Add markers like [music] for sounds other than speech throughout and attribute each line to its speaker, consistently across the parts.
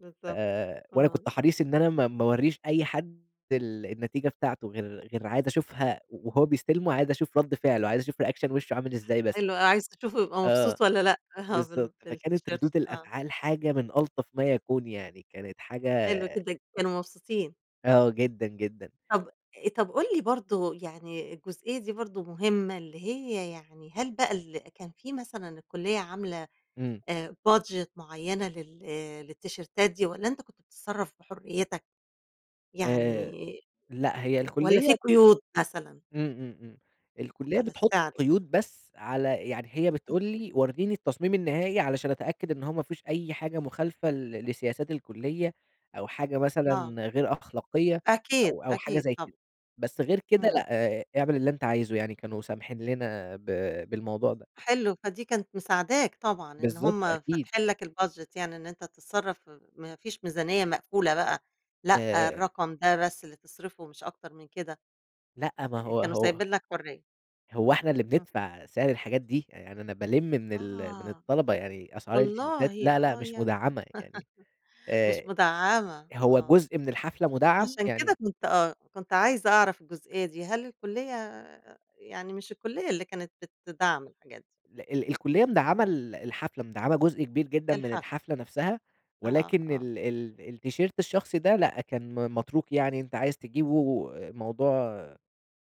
Speaker 1: بالضبط،
Speaker 2: آآ، وأنا
Speaker 1: آه.
Speaker 2: كنت حريص إن أنا ما ما أورّيش أي حد ال النتيجة بتاعته غير غير عايز أشوفها وهو بيستلمه، عايز أشوف ردّ فعله عايز أشوف reaction وشُّه عامل إزاي بس.
Speaker 1: حلو، آه، عايز تشوفه هيبقى
Speaker 2: آه
Speaker 1: مبسوط والَّا لأ، آه بال
Speaker 2: بالضبط، فكانت
Speaker 1: بالتيشيرت
Speaker 2: ردود
Speaker 1: آه.
Speaker 2: الأفعال حاجة من ألطف ما يكون، يعني كانت حاجة
Speaker 1: حلو جدًا، كانوا مبسوطين.
Speaker 2: آه جدًا، جدًا.
Speaker 1: طَب طَب قُل لي برضه يعني الجزئية دي برضه مهمة، اللي هي يعني هل بقى ال كان في مثلًا الكُلّية عاملة
Speaker 2: امم.
Speaker 1: آآ، budget معيّنة لل آآ، للتيشيرتات دي والَّا أنت كنت بتتصرف بحريتك؟ يعني
Speaker 2: آآ، لأ هي
Speaker 1: والَّا
Speaker 2: الكُلّية
Speaker 1: في قيود مثلًا؟
Speaker 2: إمم، إمم، إمم الكُلّية
Speaker 1: على
Speaker 2: بتحط
Speaker 1: السعر يعني.
Speaker 2: قيود بس على يعني هي بتقول
Speaker 1: [unintelligible]
Speaker 2: لي ورّيني التصميم النهائي، علشان أتأكد إن هو ما فيهوش أي حاجة مخالفة ل لسياسات الكُلّية، أو حاجة
Speaker 1: آه.
Speaker 2: مثلًا غير أخلاقية،
Speaker 1: أكيد،
Speaker 2: أو أو حاجة
Speaker 1: أكيد
Speaker 2: زي
Speaker 1: طبعًا.
Speaker 2: كده، بس غير كده،
Speaker 1: امم.
Speaker 2: لأ اعمل اللي أنت عايزُه يعني كانوا سامحين لنا ب بالموضوع ده.
Speaker 1: حلو، فدي كانت مساعداك طبعًا، إن
Speaker 2: بالضبط،
Speaker 1: هم
Speaker 2: أكيد.
Speaker 1: فاتحين لك الbudget يعني إن أنت تتصرف ما فيش ميزانية مقفولة بقى، لأ
Speaker 2: آآ
Speaker 1: الرقم ده بس اللي تصرفه مش أكتر من كده.
Speaker 2: لأ، ما
Speaker 1: آآ،
Speaker 2: هو
Speaker 1: كانوا
Speaker 2: هو
Speaker 1: سايبين لك حرية.
Speaker 2: هو إحنا اللي
Speaker 1: امم.
Speaker 2: بندفع سعر الحاجات دي، يعني أنا بالِمّ من ال من
Speaker 1: آه،
Speaker 2: الطلبة يعني أسعار التيشيرتات
Speaker 1: والله
Speaker 2: لا، لا،
Speaker 1: آه
Speaker 2: مش
Speaker 1: يعني
Speaker 2: مدعّمة يعني
Speaker 1: [laughs] مش
Speaker 2: آآ،
Speaker 1: مدعّمة
Speaker 2: هو
Speaker 1: آه،
Speaker 2: جزء من الحفلة مدعّم
Speaker 1: عشان كده
Speaker 2: يعني
Speaker 1: كنت آه، كنت عايزة أعرف الجزئية دي، هل الكُلّية يعني مش الكُلّية اللي كانت بتدعّم الحاجات دي؟
Speaker 2: ل ال الكُلّية مدعّمة
Speaker 1: امم.
Speaker 2: ال الحفلة، مدعّمة جزء كبير جدًا من
Speaker 1: الحفلة.
Speaker 2: الحفلة نفسها،
Speaker 1: آه،
Speaker 2: ولكن
Speaker 1: آه.
Speaker 2: ال ال التيشيرت الشخصي ده لأ، كان م متروك يعني أنت عايز تجيبه، موضوع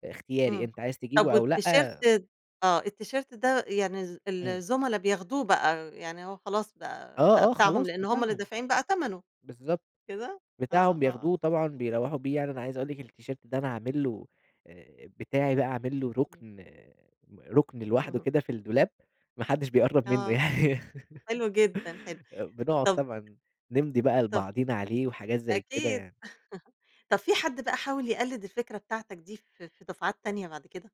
Speaker 2: إختياري
Speaker 1: امم،
Speaker 2: أنت عايز
Speaker 1: طَب
Speaker 2: تجيبه، أو
Speaker 1: والتيشيرت
Speaker 2: لأ
Speaker 1: آه، التيشيرت ده يعني ال
Speaker 2: إمم.
Speaker 1: الزُملا بياخدوه بقى، يعني هو خلاص بقى بقى
Speaker 2: آه، آه
Speaker 1: بتاعهم
Speaker 2: خلاص
Speaker 1: لأن هم اللي
Speaker 2: بتاعهم،
Speaker 1: دافعين بقى تمنه، مش
Speaker 2: بالضبط
Speaker 1: كده؟ آه،
Speaker 2: بتاعهم
Speaker 1: آه.
Speaker 2: بياخدوه طبعًا بيروّحوا بيه، يعني أنا عايز أقول لِك إن التيشيرت ده أنا عامل له آآ، بتاعي بقى عامل له
Speaker 1: امم.
Speaker 2: ركن ركن لوحده
Speaker 1: [laughs]
Speaker 2: كده في الدولاب، ما حدش بيقرّب منه
Speaker 1: آه،
Speaker 2: يعني.
Speaker 1: حلو جدًا، حلو،
Speaker 2: [laughs] آآ بنقعد
Speaker 1: طب
Speaker 2: طبعًا نمضي بقى
Speaker 1: طَب ف
Speaker 2: لبعضينا عليه، وحاجات زي كده
Speaker 1: أكيد
Speaker 2: يعني.
Speaker 1: [laughs] طَب في حد بقى حاول يقلِّد الفكرة بتاعتك دي؟ في في دفعات تانية بعد كده؟